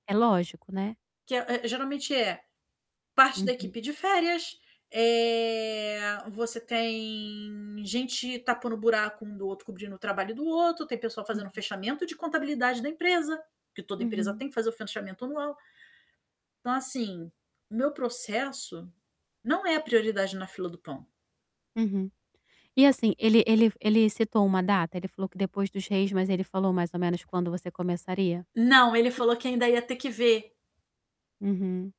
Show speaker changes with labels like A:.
A: É lógico, né?
B: Que é é geralmente é parte da
A: Uhum.
B: equipe de férias, eh, você tem gente tapando buraco um do outro, cobrindo o trabalho um do outro. Tem pessoal fazendo
A: Uhum.
B: fechamento de contabilidade da empresa, que toda empresa
A: Uhum.
B: tem que fazer o fechamento anual. Então, assim, o meu processo não é prioridade na fila do pão.
A: Uhum. E assim, ele ele ele citou uma data? Ele falou que depois dos reis, mas ele falou mais ou menos quando você começaria?
B: Não, ele falou que ainda ia ter que ver.
A: Uhum.